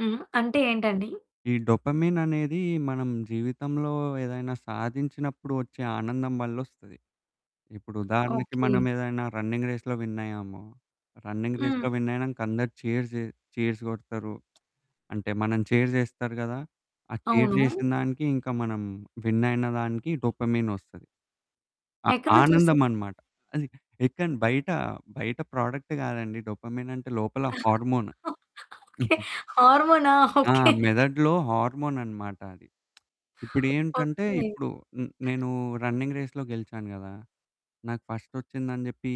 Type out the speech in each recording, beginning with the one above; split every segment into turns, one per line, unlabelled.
హ్మ్. అంటే ఏంటండి?
ఈ డోపమిననేది మనం జీవితంలో ఏదైనా సాధించినప్పుడు ఓచ్చే ఆనందం వల్లోస్తది. ఇప్పుడు ఉదాహరణకి,
ఓకే.
మనం ఏదైనా రన్నింగ్ రేస్‌‌లో విన్ అయ్యాము. రన్నింగ్
హ్మ్.
రేస్‌లో వినైనంక అందరు చీర్స్ చె చీర్స్ కొడతారు. అంటే మననీ చీర్ చేస్తారు గదా! ఆ చీర్
అవును.
చేసిన దానికి ఇంక మనం వినైన దానికి డోపమైన్ ఓస్తది. అ
ఎక్కడి నుంచోస్తది?
ఆనందమన్నమాట. అది ఎక్కడ బయట బయట ప్రొడక్ట్ కాదండి. డోపమైన్ అంటే లోపల హార్మోను.
ఓకే. హార్మోనా?
ఆ!
ఓకే.
మెదడులో హార్మోన్ అన్నమాట అది. ఇప్పుడేంటంటే
ఓకే.
ఇప్పుడు హ్మ్, నేను రన్నింగ్ రేస్‌లో గెలిచాను గదా! నాకు ఫస్టోచ్చిందని జేప్పీ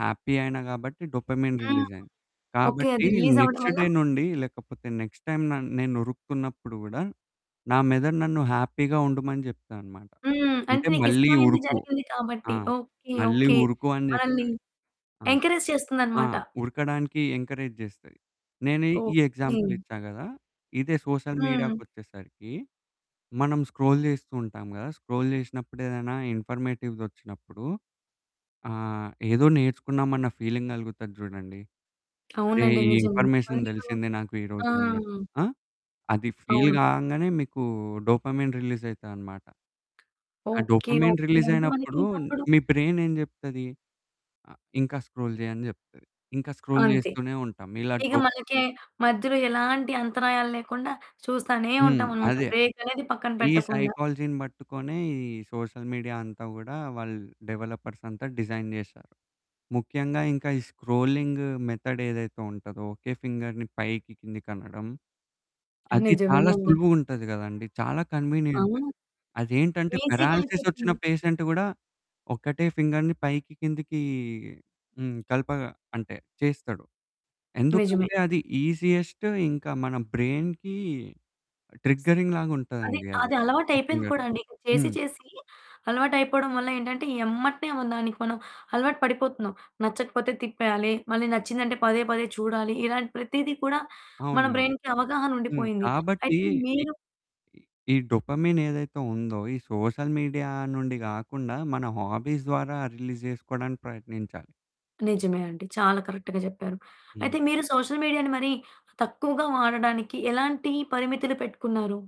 హ్యాపీ అయినా కాబట్టి డోపమైన్
హ్మ్.
రిలీజైంది.
ఓకే. అది
కాబట్టి
రిలీజ్ అవ్వడం
నెక్స్ట్
వల్ల
డే నుండి లేకపోతే నెక్స్ట్ టైమ్ న నేను ఉరుకుతున్నప్పుడు కూడా నా మెదడు నన్ను హ్యాపీగా ఉండమని చెప్తాదన్నమాట.
హ్మ్. అంటే
అంటే
నీకు
"మళ్ళీ
ఇష్టమైనది
ఉరుకు"
జరిగింది
ఆ!
కాబట్టి. ఓకే.
మళ్ళీ
ఓకే.
ఉరుకు అనే
మనల్ని
చెప్తది. ఆ!
ఎంకరేజ్
ఆ!
చేస్తుందన్నమాట.
ఉరకడానికి ఎంకరేజ్ జేస్తది. నేని ఈ
ఓకే.
ఎగ్జాంపులిచ్చా గదా! ఇదే సోషల్
హ్మ్.
మీడియాకొచ్చేసరికి మనం స్క్రోల్ చేస్తూ ఉంటాం గదా! స్క్రోల్ చేసినప్పుడు ఏదైనా ఇన్ఫర్మేటివ్‌ది వచ్చినప్పుడు ఆహ్, ఏదో నేర్చుకున్నామన్న ఫీలింగ్ కలుగుతది చూడండి. "అరే!
అవునండి.
ఈ
నిజమే.
ఇన్ఫర్మేషన్
[unintelligible]
తెలిసిందే నాకు
ఆ!
ఈరోజు అన్నట్టు." ఆ? అది ఫీల్
అవును.
కంగానే మీకూ డోపమైన్ రిలీజైతది అన్నమాట. ఆ
ఓకే.
Dopamine
okay. అంటే
రిలీజైనప్పుడు
మనకింక అప్పుడు
మీ బ్రైన్ ఏం చెప్తది? ఆ ఇంక స్క్రోల్ చెయ్యి అని చెప్తది. ఇంక స్క్రోల్
అంతే.
చేస్తూనే ఉంటాం. ఇలా
ఇక
డో
మనకి మధ్యలో ఎలాంటి అంతరాయాలు లేకుండా చూస్తానే
హ్మ్.
ఉంటామన్నమాట.
అదే.
బ్రేక్ అనేది పక్కన
ఈ
పెట్టకుండా.
సైకాలజీని పట్టుకునే ఈ సోషల్ మీడియా అంతా కూడా వాళ్ళు డెవలపర్స్ అంతా డిజైన్ చేసారు. ముఖ్యంగా ఇంక ఈ స్క్రోలింగు మెథడ్ ఏదైతే ఉంటదో ఒకే ఫింగర్‌ని పైకి, కిందకి అనడం అది చాలా
నిజమేనండి.
సులువుగా ఉంటుంది కదండీ. చాలా కన్వీనియంట్.
అవును.
అదేంటంటే
ఈసీగా
పారాలిసిస్ ఓచ్చిన
అయిపోతుంది.
పేషెంట్ కూడా ఒక్కటే ఫింగర్‌ని పైకి కిందకీ హ్మ్, కలపగా అంటే చేస్తాడు.
నిజమే.
ఎందుకంటే అది ఈజియెస్ట్. ఇంక మన బ్రైన్‌కి ట్రిగ్గరింగ్ లాగా
అది
ఉంటదండి. అది
అది అలవాటైపోయింది
ఫింగర్
కూడా అండి. చేసి
హ్మ్.
చేసి అలవాటైపోవడం వల్ల ఏంటంటే ఎమ్మట్నే మన దానికి మనం అలవాటు పడిపోతున్నాం. నచ్చకపోతే తిప్పేయాలి. మళ్ళి నచ్చింది అంటే పదే పదే చూడాలి. ఇలాంటి ప్రతిది కూడా మన
అవును.
బ్రైన్‌కి అవగాహన
హ్మ్.
ఉండిపోయింది.
కాబట్టి
అయితే
ఈ
మీరు
ఈ డోపమైన్ ఏదైతే ఉందో ఈ సోషల్ మీడియా నుండి కాకుండా మన హాబీస్ ద్వారా రిలీజ్ చేసుకోవడానికి ప్రయత్నించాలి.
నిజమే అండి. చాలా కరెక్ట్‌గా చెప్పారు.
హ్మ్.
అయితే మీరు సోషల్ మీడియాని మరి తక్కువగా వాడడానికి ఎలాంటి పరిమితులు పెట్టుకున్నారు?